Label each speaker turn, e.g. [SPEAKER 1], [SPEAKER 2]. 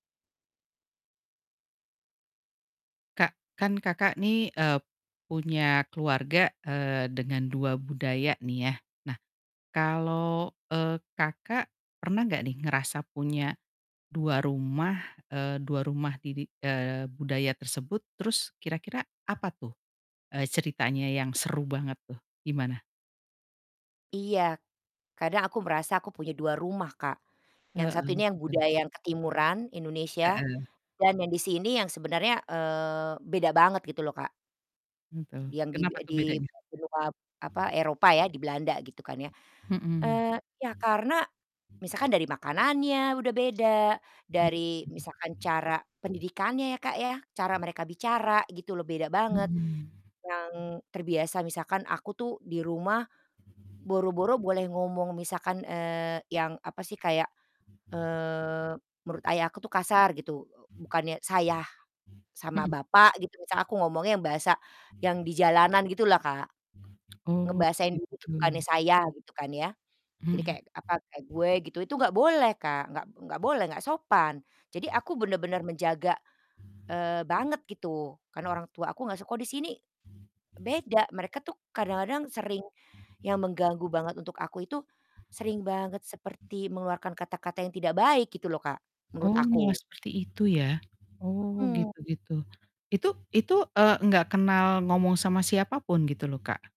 [SPEAKER 1] Kak, kan Kakak nih, eee, punya keluarga, eee, dengan 2 budaya nih ya. Nah, kalau, eee, Kakak pernah nggak nih ngerasa punya, 2 rumah, eee, 2 rumah, di di eee, budaya tersebut, terus kira-kira apa tuh, e ceritanya yang seru banget tuh, gimana?
[SPEAKER 2] Iya, kadang aku merasa aku punya 2 rumah Kak, yang satu ini
[SPEAKER 1] Heeh,
[SPEAKER 2] yang
[SPEAKER 1] gimana?
[SPEAKER 2] budaya ketimuran Indonesia,
[SPEAKER 1] Heeh.
[SPEAKER 2] dan yang di sini yang sebenernya, eee, beda banget gitu loh, Kak.
[SPEAKER 1] Betul,
[SPEAKER 2] Yang di be
[SPEAKER 1] kenapa tuh
[SPEAKER 2] di
[SPEAKER 1] bedanya?
[SPEAKER 2] benua, apa, Eropa ya, di Belanda gitu kan, ya,
[SPEAKER 1] Mhm.
[SPEAKER 2] eee, ya karena, misalkan dari makanannya udah beda,
[SPEAKER 1] Mmm.
[SPEAKER 2] dari misalkan cara pendidikannya ya, Kak, ya, cara mereka bicara gitu loh, beda banget.
[SPEAKER 1] Mhm.
[SPEAKER 2] Yang, terbiasa misalkan aku tuh di rumah, boro-boro boleh ngomong misalkan, eee, yang, apa sih kayak, eee, menurut ayah aku tuh kasar gitu, bukannya "Saya," sama
[SPEAKER 1] Mhm.
[SPEAKER 2] bapak gitu misalnya aku ngomongnya yang bahasa, yang di jalanan gitu lah Kak,
[SPEAKER 1] Oh,
[SPEAKER 2] ngebahasain diri tuh bukannya
[SPEAKER 1] gitu.
[SPEAKER 2] "Saya," gitu kan ya. Jadi
[SPEAKER 1] Mhm.
[SPEAKER 2] kayak, apa, kayak "Gue" gitu, itu nggak boleh Kak, nggak nggak boleh, nggak sopan. Jadi, aku bener-bener menjaga, eee, banget, gitu. Karena orang tua aku nggak suka, kalau di sini beda, mereka tuh kadang-kadang sering yang mengganggu banget untuk aku itu sering banget seperti mengeluarkan kata-kata yang tidak baik gitu loh Kak, menurut
[SPEAKER 1] Oh, malah
[SPEAKER 2] aku.
[SPEAKER 1] seperti itu ya? Oh,
[SPEAKER 2] Mhm.
[SPEAKER 1] gitu gitu. Itu itu, eee, enggak kenal ngomong sama siapapun gitu loh, Kak?